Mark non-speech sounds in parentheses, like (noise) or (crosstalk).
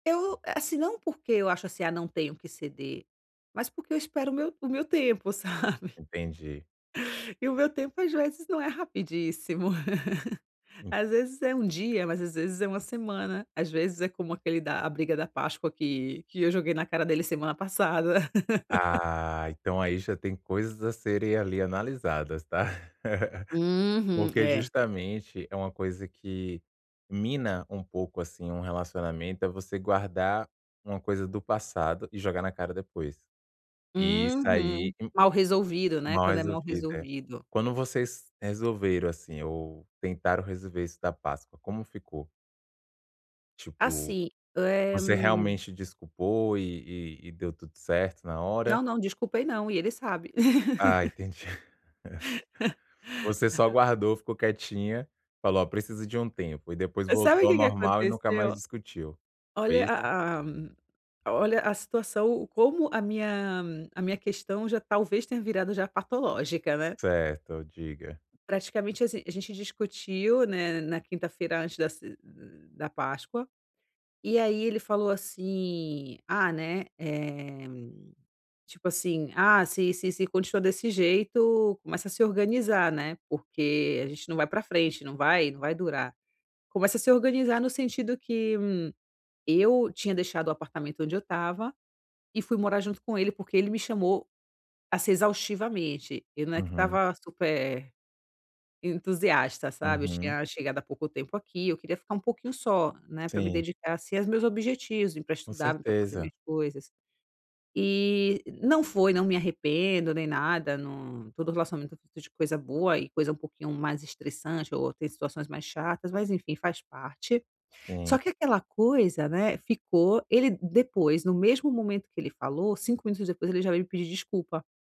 Eu assim, não porque eu acho assim, ah, não tenho que ceder, mas porque eu espero o meu o meu tempo sabe? Entendi. E o meu tempo às vezes não é rapidíssimo. (laughs) Hum. Às vezes é 1 dia, mas às vezes é 1 semana, às vezes é como aquele da a briga da páscoa que que eu joguei na cara dele semana passada. (laughs) Ah, então aí já tem coisas a serem ali analisadas, está? (laughs) Uhum, Porque é. justamente é uma coisa que mina um pouco assim um relacionamento é você guardar uma coisa do passado e jogar na cara depois. E isso Uhum, ai um mal resolvido, né, mal quando é mal resolvida. resolvido. Quando vocês resolveram, assim, ou tentaram resolver isso da Páscoa, como ficou? Tipo, Assim, eh você realmente desculpou e e e deu tudo certo na hora? Não não, desculpei não e ele sabe. Ah, (laughs) entendi. (chuckles) Você só (laughs) guardou, ficou quietinha, falou: "Olha, preciso de um tempo" e depois Sabe o voltou ao que que normal e nunca mais aconteceu? discutiu. Foi Olha isso? a a a olha a situação o como a minha a minha questão já talvez tenha virado já patológica, né. Certo, diga. Praticamente assim, a gente discutiu, né, na quinta-feira antes da ce da da páscoa, e aí ele falou assim: "Ah, né, eh, tipo assim, ah, se se se continua desse jeito começa a se organizar, né, porque a gente não vai pra frente, não vai não vai durar". Começa a se organizar no sentido que, hum, eu tinha deixado o apartamento onde eu estava e fui morar junto com ele porque ele me chamou, assim, exaustivamente, eu não é que Uhum. estava super entusiasta sabe, eu Uhum. tinha chegado há pouco tempo aqui, eu queria ficar um pouquinho só, né, pra me Sim. dedicar assim aos meus objetivos e pra Com estudar, pra fazer certeza. minhas coisas. E não foi, não me arrependo nem nada, num todo relacionamento é feito de coisa boa e coisa um pouquinho mais estressante ou tem situações mais chatas, mas enfim faz parte, só Sim. que aquela coisa, né, ficou, ele depois no mesmo momento que ele falou 5 minutos depois ele já veio me pedir desculpa.